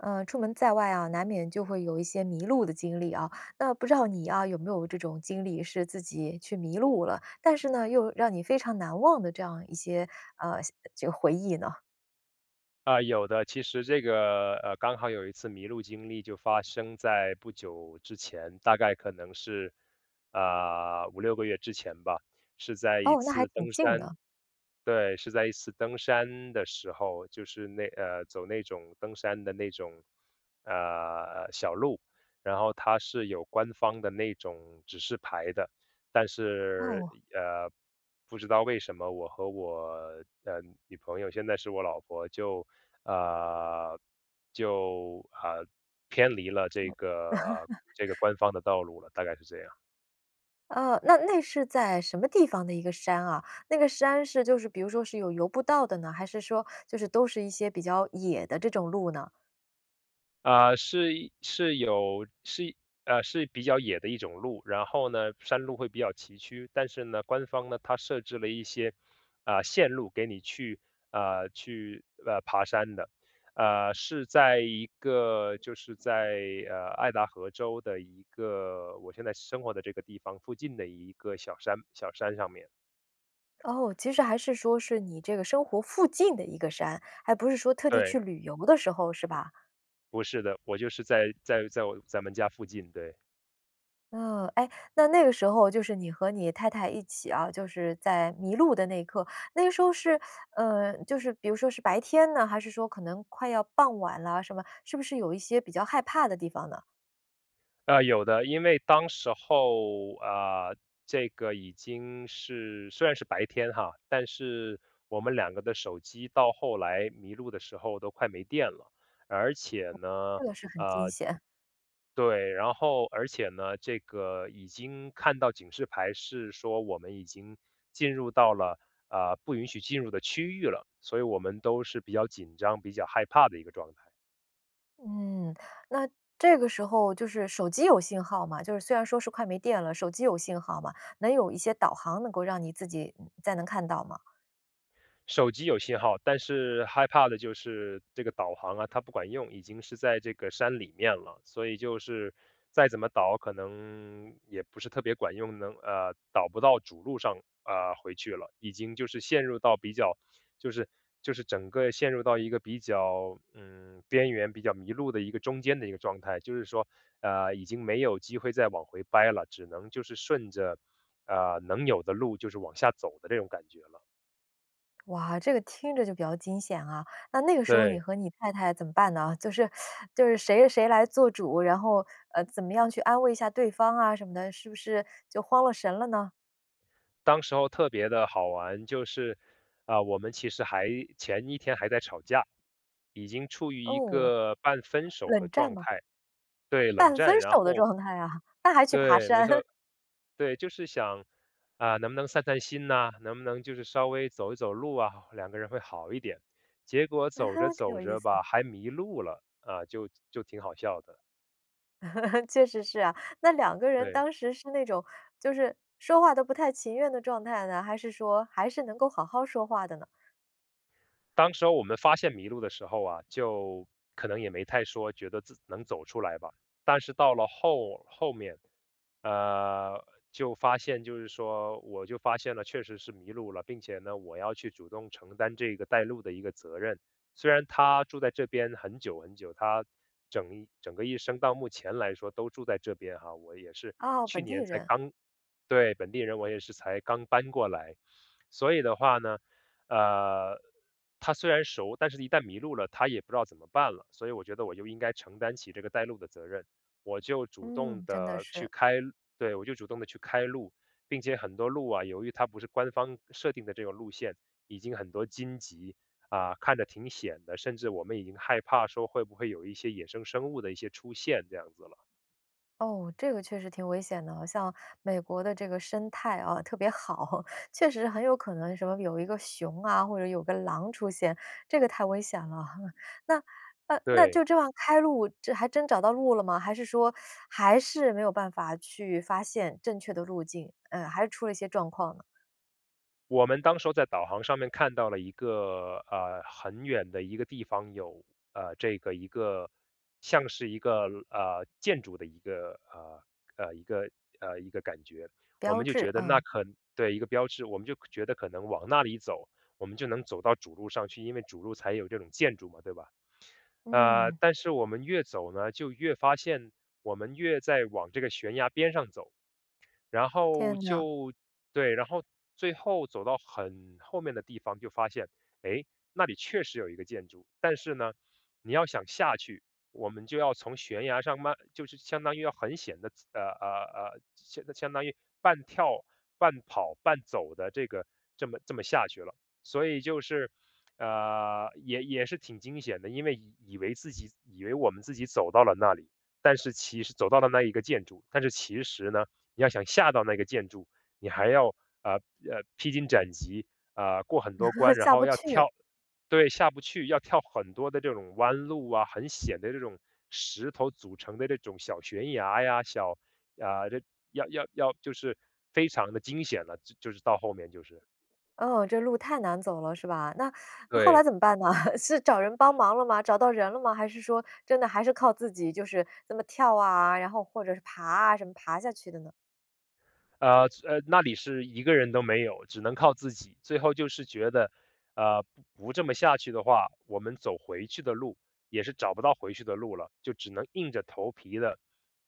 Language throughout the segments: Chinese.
呃，出门在外啊，难免就会有一些迷路的经历啊，那不知道你啊，有没有这种经历是自己去迷路了，但是呢，又让你非常难忘的这样一些，呃，像就回忆呢？啊，有的，其实这个，呃，刚好有一次迷路经历就发生在不久之前，大概可能是，呃，5-6个月之前吧，是在一哦，那还次挺登近山的。对，是在一次登山的时候，就是那呃，走那种登山的那种，呃，小路，然后它是有官方的那种指示牌的，但是，哦。呃，不知道为什么我和我的女朋友，现在是我老婆，就，呃就呃，偏离了这个，呃，这个 官方的道路了，大概是这样。呃，那那是在什么地方的一个山啊？那个山是就是比如说是有游不到的呢，还是说就是都是一些比较野的这种路呢？呃，是是有是呃，是比较野的一种路，然后呢，山路会比较崎岖。但是呢，官方呢，它设置了一些，呃，线路给你去呃，去呃，爬山的。呃，是在一个就是在，呃，爱达荷州的一个我现在生活的这个地方附近的一个小山小山上面。哦，其实还是说是你这个生活附近的一个山，还不是说特地对。去旅游的时候，是吧？不是的，我就是在在在我咱们家附近，对。嗯，哎，那那个时候就是你和你太太一起啊，就是在迷路的那一刻，那个时候是，呃，就是比如说是白天呢？还是说可能快要傍晚了什么，是不是有一些比较害怕的地方呢？呃，有的。因为当时候，呃，这个已经是虽然是白天哈，但是我们两个的手机到后来迷路的时候都快没电了。而且呢，这个是很惊呃险。对，然后而且呢，这个已经看到警示牌是说我们已经进入到了，呃，不允许进入的区域了，所以我们都是比较紧张，比较害怕的一个状态。嗯，那这个时候就是手机有信号吗？就是虽然说是快没电了，手机有信号吗？能有一些导航能够让你自己，嗯，再能看到吗？手机有信号，但是害怕的就是这个导航啊，它不管用，已经是在这个山里面了，所以就是再怎么导可能也不是特别管用，能呃，导不到主路上，呃，回去了。已经就是陷入到比较就是就是整个陷入到一个比较，嗯，边缘比较迷路的一个中间的一个状态。就是说，呃，已经没有机会再往回掰了，只能就是顺着，呃，能有的路就是往下走的这种感觉了。哇，这个听着就比较惊险啊，那那个时候你对。和你太太怎么办呢？就是 就是谁谁来做主，然后，呃，怎么样去安慰一下对方啊什么的？是不是就慌了神了呢？当时候特别的好玩，就是，呃，我们其实还前一天还在吵架，已经处于一哦，个半分手冷的战状吗？态。对，冷半分战。然手的后状态啊，那还去爬对，没山。错对。就是想，啊，能不能散散心呐，能不能就是稍微走一走路啊，两个人会好一点。结果啊走哈，着挺有走意着思。吧，还迷路了，啊，就就挺好笑的。确实是啊，那两个人对。当时是那种就是说话都不太情愿的状态呢，还是说还是能够好好说话的呢？当时候我们发现迷路的时候啊，就可能也没太说觉得自能走出来吧，但是到了后后面，呃，就发现就是说我就发现了确实是迷路了，并且呢，我要去主动承担这个带路的一个责任。虽然她住在这边很久很久，她整整个一生到目前来说都住在这边哈。我也是哦，去本地年才人。刚对，本地人，我也是才刚搬过来。所以的话呢，呃，她虽然熟，但是一旦迷路了，她也不知道怎么办了。所以我觉得我就应该承担起这个带路的责任，我就主动嗯，真的地去是。开路对，我就主动地去开路，并且很多路啊，由于它不是官方设定的这个路线，已经很多荆棘，啊，看着挺险的，甚至我们已经害怕说会不会有一些野生生物的一些出现这样子了。哦，这个确实挺危险的啊。像美国的这个生态，啊，特别好，确实很有可能什么有一个熊啊，或者有个狼出现，这个太危险了哈。那那那对。就这样开路，这还真找到路了吗？还是说 还是没有办法去发现正确的路径，呃，还是出了些状况呢？我们当时候在导航上面看到了一个呃，很远的一个地方有，呃，这个一个像是一个呃，建筑的一个，呃，呃，一个呃，一个感觉。我标们就志，觉得那嗯。可对，一个标志，我们就觉得可能往那里走，我们就能走到主路上去，因为主路才有这种建筑嘛，对吧？呃，嗯。但是我们越走呢，就越发现我们越在往这个悬崖边上走，然后天呐。就对，然后最后走到很后面的地方就发现，诶，那里确实有一个建筑，但是呢，你要想下去，我们就要从悬崖上慢就是相当于要很险地呃呃呃，相相当于半跳半跑半走地这个这么这么下去了。所以就是呃，也也是挺惊险的，因为以以为自己以为我们自己走到了那里，但是其实走到了那一个建筑，但是其实呢，你要想下到那个建筑，你还要，呃，呃，披荆斩棘，呃，过很多关，然下后不要去。跳对，下不去，要跳很多的这种弯路啊，很险的这种石头组成的这种小悬崖呀，小啊，这要要就是非常地惊险了，就就是到后面就是。哦，这路太难走了是吧？那那后来对。怎么办呢？是找人帮忙了吗？找到人了吗？还是说真的还是靠自己就是这么跳啊，然后或者是爬啊，什么爬下去的呢？呃，是呃，那里是1个人都没有，只能靠自己。最后就是觉得，呃，不不这么下去的话，我们走回去的路，也是找不到回去的路了，就只能硬着头皮的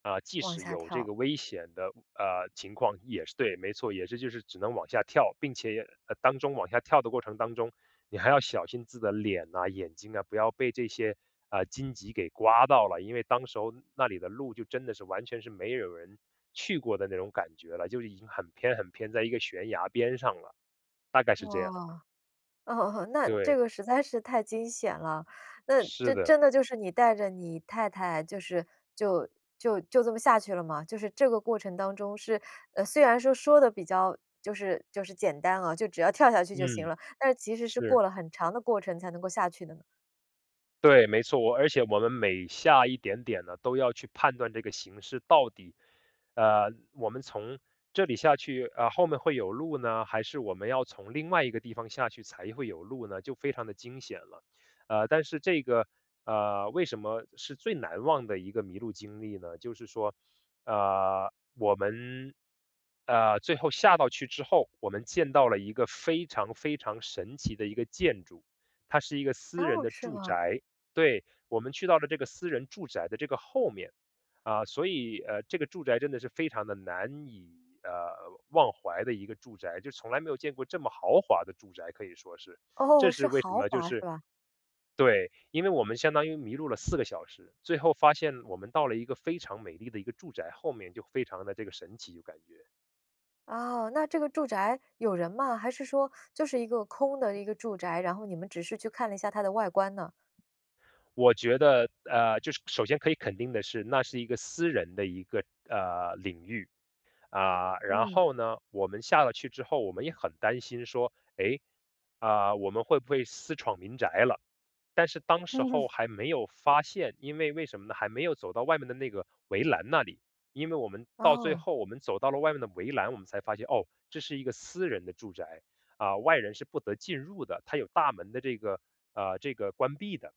呃，即往使下有这跳。个危险的，呃，情况也是对，没错，也是就是只能往下跳，并且也呃，当中往下跳的过程当中，你还要小心自己的脸呐、眼睛啊，不要被这些，呃，荆棘给刮到了，因为当时候那里的路就真的是完全是没有人去过的那种感觉了，就已经很偏很偏在一个悬崖边上了，大概是哇，这样。哦哦，那这对。个实在是太惊险了。那是这的。真的就是你带着你太太，就是就就就这么下去了吗？就是这个过程当中是呃，虽然说说得比较就是就是简单啊，就只要跳下去就行嗯，了，但是其实是过是。了很长的过程才能够下去的呢。对，没错，我而且我们每下一点点呢，都要去判断这个形势到底呃，我们从这里下去，呃，后面会有路呢？还是我们要从另外一个地方下去才会有路呢？就非常地惊险了。呃，但是这个呃，为什么是最难忘的一个迷路经历呢？就是说，呃，我们，呃，最后下到去之后，我们见到了一个非常非常神奇的一个建筑，它是一个私人哦，的是住吗？宅。对，我们去到了这个私人住宅的这个后面，啊，所以呃，这个住宅真的是非常地难以，呃，忘怀的一个住宅，就从来没有见过这么豪华的住宅，可以说是。哦，这是是为什豪么，就华是是吧？对，因为我们相当于迷路了4个小时，最后发现我们到了一个非常美丽的一个住宅，后面就非常的这个神奇就感觉。哦，那这个住宅有人吗？还是说就是一个空的一个住宅，然后你们只是去看了一下它的外观呢？我觉得，呃，就是首先可以肯定的是那是一个私人的一个，呃，领域，啊，然嗯。后呢，我们下了去之后我们也很担心说，诶，啊，我们会不会私闯民宅了？但是当时嗯。候还没有发现，因为为什么呢？还没有走到外面的那个围栏那里，因为我们到最哦。后我们走到了外面的围栏我们才发现，哦，这是一个私人的住宅，啊，外人是不得进入的，它有大门的这个呃，这个关闭的。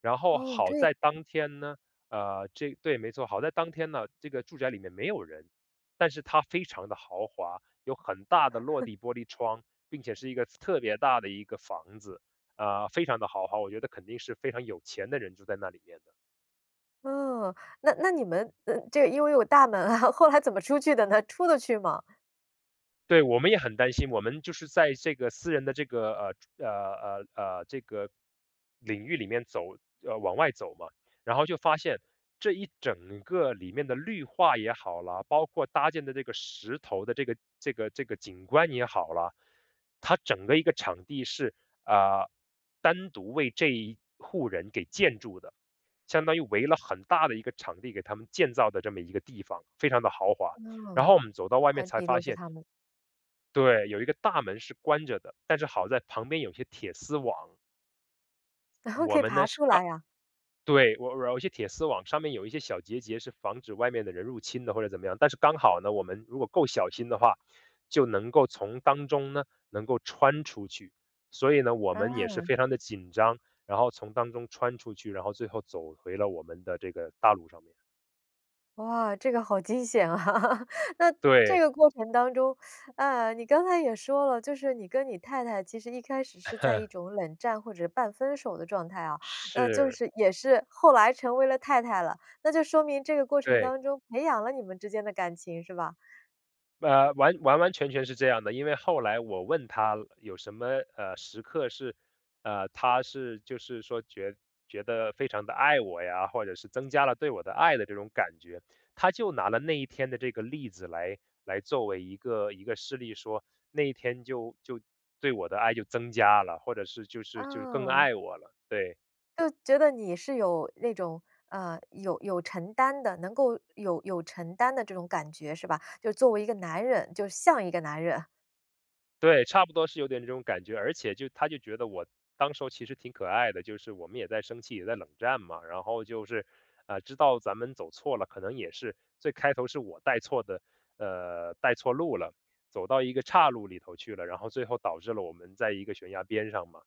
然后，哦，好这样。在当天呢，呃，这对，没错，好在当天呢，这个住宅里面没有人，但是它非常地豪华，有很大的落 地玻璃窗，并且是一个特别大的一个房子啊，非常地豪华，我觉得肯定是非常有钱的人住在那里面的。嗯，那那你们，嗯，这个因为有大门啊，后来怎么出去的呢？出得去吗？对，我们也很担心，我们就是在这个私人的这个呃，住呃，呃，呃，这个领域里面走呃，往外走嘛。然后就发现，这一整个里面的绿化也好啦，包括搭建的这个石头的这个这个这个景观也好啦，它整个一个场地是，呃，单独为这一户人给建筑的。相当于围了很大的一个场地，给他们建造的这么一个地方，非常地豪华。然嗯，后我们走到外面块才地发都是现他们。对，有一个大门是关着的，但是好在旁边有些铁丝网。我可以们爬呢，是出刚来啊？对，我我有一些铁丝网上面有一些小节节，是防止外面的人入侵的，或者怎么样。但是刚好呢，我们如果够小心的话，就能够从当中呢，能够穿出去。所以呢，我们也是嗯。非常地紧张，然后从当中穿出去，然后最后走回了我们的这个大路上面。哇，这个好惊险啊。那这对。个过程当中，呃，你刚才也说了，就是你跟你太太其实一开始，是在一 种冷战或者是半分手的状态啊，那就是。是也是后来成为了太太了。那就说明这个过程对。当中，培养了你们之间的感情，是吧？呃，完完完全全是这样的。因为后来我问她有什么，呃，时刻是呃，她是就是说觉觉得非常地爱我呀，或者是增加了对我的爱的这种感觉。她就拿了那一天的这个例子来来作为一个一个事例。说那一天就就对我的爱就增加了，或者是就是就是更哦。爱我了，对。就觉得你是有那种，呃，有有承担的能够有有承担的这种感觉，是吧？就是作为一个男人，就像一个男人。对，差不多是有点这种感觉。而且就她就觉得我当时候其实挺可爱的，就是我们也在生气，也在冷战嘛。然后就是，呃，知道咱们走错了可能也是最开头是我带错的呃，带错路了，走到一个岔路里头去了，然后最后导致了我们在一个悬崖边上嘛。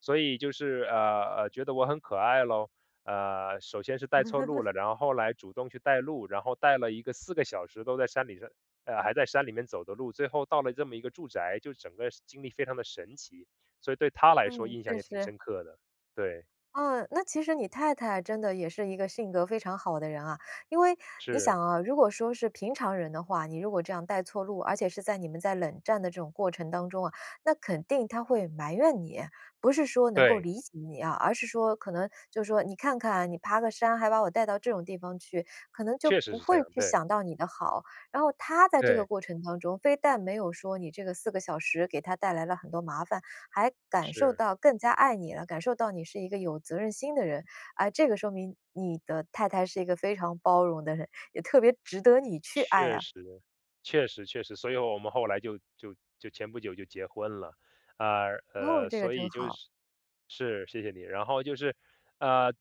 所以就是，呃，呃，觉得我很可爱喽。啊，首先是带错路 了，然后后来主动去带路，然后带了一个4个小时都在山里是啊，还在山里面走的路。最后到了这么一个住宅，就整个经历非常地神奇。所以对她来说嗯，印象确也挺实。深刻的，对。啊，那其实你太太真的也是一个性格非常好的人啊。因为你想是。啊，如果说是平常人的话，你如果这样带错路，而且是在你们在冷战的这种过程当中啊，那肯定她会埋怨你。不是说能够对。理解你啊，而是说可能就是说：“你看看你爬个山，还把我带到这种地方去。”可能就确实不是这会样，去对。想到你的好，然后她在这个对。过程当中，非但没有说你这个4个小时给她带来了很多麻烦，还感受是。到更加爱你了，感受到你是一个有责任心的人。诶，这个说明你的太太是一个非常包容的人，也特别值得你去爱确啊。实，确实确实。所以我们后来就就就前不久就结婚了。呃，哦，呃，这个所真以就好。是是，谢谢你，然后就是呃，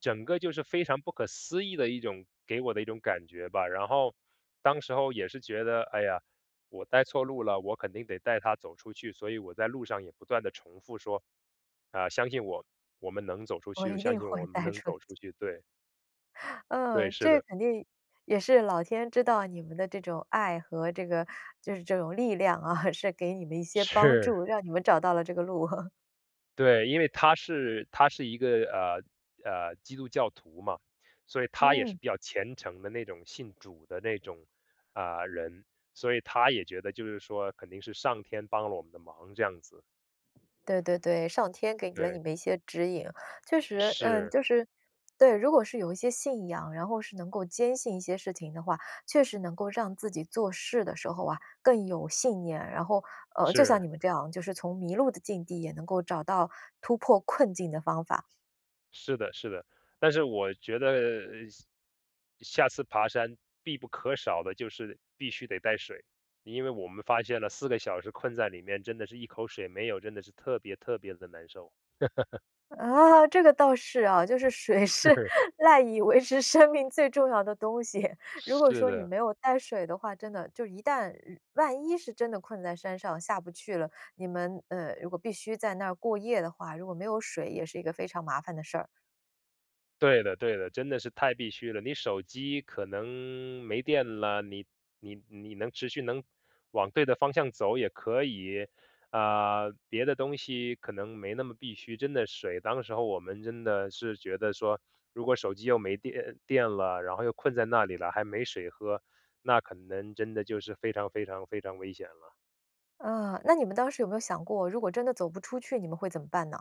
整个就是非常不可思议的一种给我的一种感觉吧。然后当时候也是觉得，哎呀，我带错路了，我肯定得带她走出去。所以我在路上也不断地重复说，呃，”相信我，我们能走出我去。”就，一相定信会我们带能出走去。出去”，对。对，嗯，是这的。肯定也是老天知道你们的这种爱和这个就是这种力量啊，是给你们一些帮是。助，让你们找到了这个路。对，因为她是她是一个，呃，呃，基督教徒嘛，所以她也是嗯。比较虔诚的那种信主的那种，呃，人。所以她也觉得就是说肯定是上天帮了我们的忙这样子。对对对，上天给了你对。们一些指引。确实，嗯，是。就是对，如果是有一些信仰，然后是能够坚信一些事情的话，确实能够让自己做事的时候啊，更有信念。然后，呃，就像是。你们这样，就是从迷路的境地也能够找到突破困境的方法。是的是的，但是我觉得，呃，下下次爬山必不可少的就是必须得带水，因为我们发现了4个小时困在里面真的是一口水没有，真的是特别特别地难受。啊，这个倒是啊，就是水是是。赖以维持生命最重要的东西。如果是说你的。没有带水的话，真的，就一旦万一是真的困在山上下不去了，你们，呃，如果必须在那儿过夜的话，如果没有水，也是一个非常麻烦的事儿。对的对的，真的是太必需了，你手机可能没电啦，你你你能持续能往对的方向走也可以，呃，别的东西可能没那么必需，真的水当时候我们真的是觉得说，如果手机又没电呃，电了，然后又困在那里啦，还没水喝，那可能真的就是非常非常非常危险了。啊，那你们当时有没有想过，如果真的走不出去你们会怎么办呢？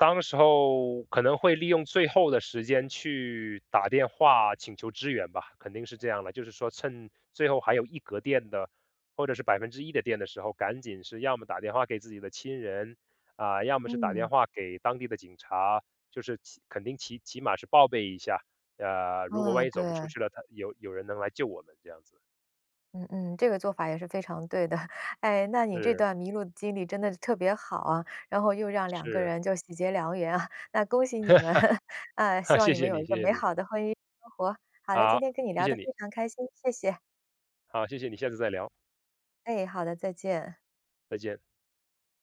当时候可能会利用最后的时间去打电话请求支援吧，肯定是这样啦，就是说趁最后还有一格电的或者是1%的电的时候，赶紧是要么打电话给自己的亲人，啊，要么是打电嗯。话给当地的警察，就是起肯定是起起码是报备一下。呃，如果万嗯，一走不出对。去了，他有有人能来救我们这样子。嗯嗯，这个做法也是非常对的。哎，那你这是。段迷路的经历真的是特别好啊，然后又让两个是。人就喜结良缘啊，那恭喜你们，哎，希 望谢你们谢有你一个谢谢美你。好的婚姻生活。好的，今好，天跟你谢聊谢得非你。常开心，谢谢。好，谢谢你，下次再聊。哎，好的，再见。再见。